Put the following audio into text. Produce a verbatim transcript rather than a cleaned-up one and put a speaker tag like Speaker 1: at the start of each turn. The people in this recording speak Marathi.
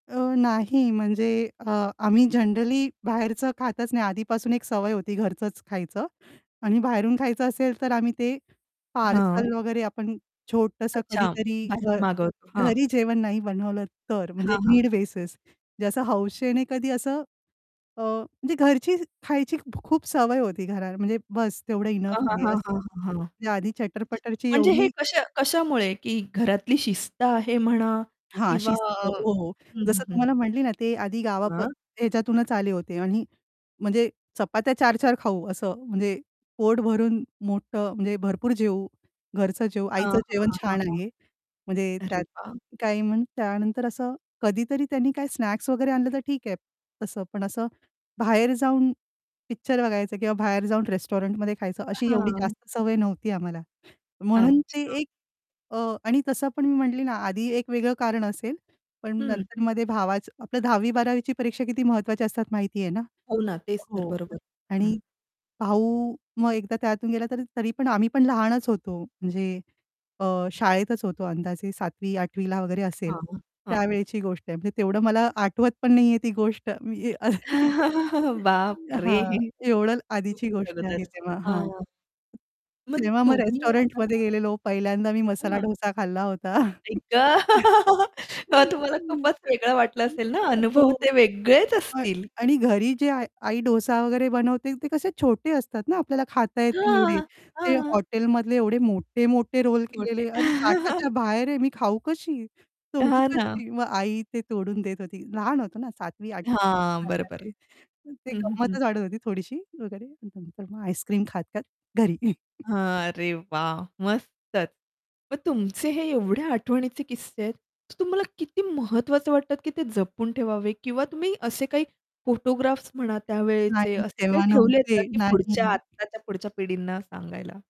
Speaker 1: अ, नाही म्हणजे अ, आम्ही जनरली बाहेरचं खातच नाही आधीपासून एक सवय होती घरचंच खायचं आणि बाहेरून खायचं असेल तर आम्ही ते
Speaker 2: हां.
Speaker 1: पार्सल वगैरे आपण छोटसं
Speaker 2: अच्छा
Speaker 1: कधीतरी अ,
Speaker 2: बाहेरून मागवतो हां.
Speaker 1: घरी जेवण नाही बनवलं तर म्हणजे
Speaker 2: हां, हां.
Speaker 1: नीड बेसिस म्हणजे असं हौशेने कधी असं अ, म्हणजे घरची खायची खूप सवय होती, घरात म्हणजे बस तेवढं
Speaker 2: हां,
Speaker 1: इनफ
Speaker 2: हां,
Speaker 1: आहे,
Speaker 2: हां,
Speaker 1: असं
Speaker 2: हां, हां, हां.
Speaker 1: म्हणजे आधी
Speaker 2: अच्छा.
Speaker 1: चटर-पटर ची
Speaker 2: म्हणजे हे
Speaker 1: एवढी
Speaker 2: कशा कशामुळे की घरातली शिस्त आहे म्हणा
Speaker 1: हां,
Speaker 2: किंवा
Speaker 1: शिस्त
Speaker 2: अ,
Speaker 1: हो, हो.
Speaker 2: हं, हं,
Speaker 1: जसं
Speaker 2: हं.
Speaker 1: तुम्हाला म्हटली ना ते आधी गावा अ,
Speaker 2: हं.
Speaker 1: याच्यातूनच आले होते आणि म्हणजे चपात्या चार-चार खाऊ असं म्हणजे पोट भरून मोठं म्हणजे भरपूर जेवू, घरचं जेवू
Speaker 2: हां, हां,
Speaker 1: आईचं
Speaker 2: हां,
Speaker 1: जेवण छान आहे म्हणजे
Speaker 2: हां. अरे
Speaker 1: त्यात
Speaker 2: वाह!
Speaker 1: काही मग त्यानंतर असं कधीतरी त्यांनी काही स्नॅक्स वगैरे आणलं तर ठीक आहे तसं, पण असं बाहेर जाऊन पिक्चर बघायचं किंवा बाहेर जाऊन रेस्टॉरंटमध्ये खायचं अशी एवढी
Speaker 2: हां.
Speaker 1: जास्त सवय नव्हती आम्हाला. म्हणून ते
Speaker 2: अच्छा.
Speaker 1: एक अ, आणि तसं पण मी म्हंटले ना आधी एक वेगळं कारण असेल, पण
Speaker 2: हं.
Speaker 1: नंतरमध्ये भावाचं आपलं दहावी बारावी च्या परीक्षा किती महत्वाची असतात माहितीये ना?
Speaker 2: हो ना तेच तर
Speaker 1: हो
Speaker 2: बरोबर हं.
Speaker 1: आणि भाऊ मग एकदा त्यातून गेला तर तरी पण आम्ही पण लहानच होतो म्हणजे अ, शाळेतच होतो, अंदाजे सातवी आठवी ला वगैरे असेल
Speaker 2: हां, हां. हं.
Speaker 1: त्यावेळेची गोष्ट आहे म्हणजे तेवढं मला आठवत पण नाहीये ती गोष्ट मी हां
Speaker 2: बापरे!
Speaker 1: एवढं आधीची गोष्ट आहे
Speaker 2: [unintelligible]
Speaker 1: तेव्हा.
Speaker 2: हां,
Speaker 1: हां.
Speaker 2: हां. मग
Speaker 1: तेव्हा मग
Speaker 2: तुम्ही
Speaker 1: रेस्टॉरंटमध्ये
Speaker 2: आता
Speaker 1: गेलेलो, पहिल्यांदा मी मसाला
Speaker 2: हां.
Speaker 1: डोसा खाल्ला होता.
Speaker 2: आई ग! मग तुम्हाला खूपच वेगळं वाटलं असेल ना, अनुभव
Speaker 1: हो
Speaker 2: ते वेगळेच
Speaker 1: अ,
Speaker 2: असतील.
Speaker 1: आणि घरी जे आ आई डोसा वगैरे बनवते ते कसे छोटे असतात ना, आपल्याला खाता येतील एवढे
Speaker 2: हां,
Speaker 1: ते
Speaker 2: हां.
Speaker 1: हॉटेलमधले एवढे मोठे-मोठे रोल
Speaker 2: मोठे.
Speaker 1: केलेले अरे ताटाच्या बाहेर आहे मी खाऊ कशी? तोडू
Speaker 2: हां ना.
Speaker 1: कशी? मग आई ते तोडून देत होती. लहान होतो ना सातवी
Speaker 2: हां बरोबर.
Speaker 1: आठवी [unintelligible] ती
Speaker 2: हं, हं, हं.
Speaker 1: गंमतच वाढत होती थोडीशी वगैरे, नंतर मग आईस्क्रीम खात-खात घरी.
Speaker 2: हां अरे वाह! मस्तच मग तुमचे हे एवढे आठवणीचे किस्से आहेत तुम्हाला किती महत्वाचं वाटत, की ते जपून ठेवावे किंवा तुम्ही असे काही फोटोग्राफ्स म्हणा त्यावेळेचे
Speaker 1: नाही
Speaker 2: असे काही
Speaker 1: तेव्हा
Speaker 2: ठेवले आहेत का
Speaker 1: नव्हते,
Speaker 2: की
Speaker 1: नाही.
Speaker 2: पुढच्या आत्ताच्या पुढच्या पिढींना सांगायला?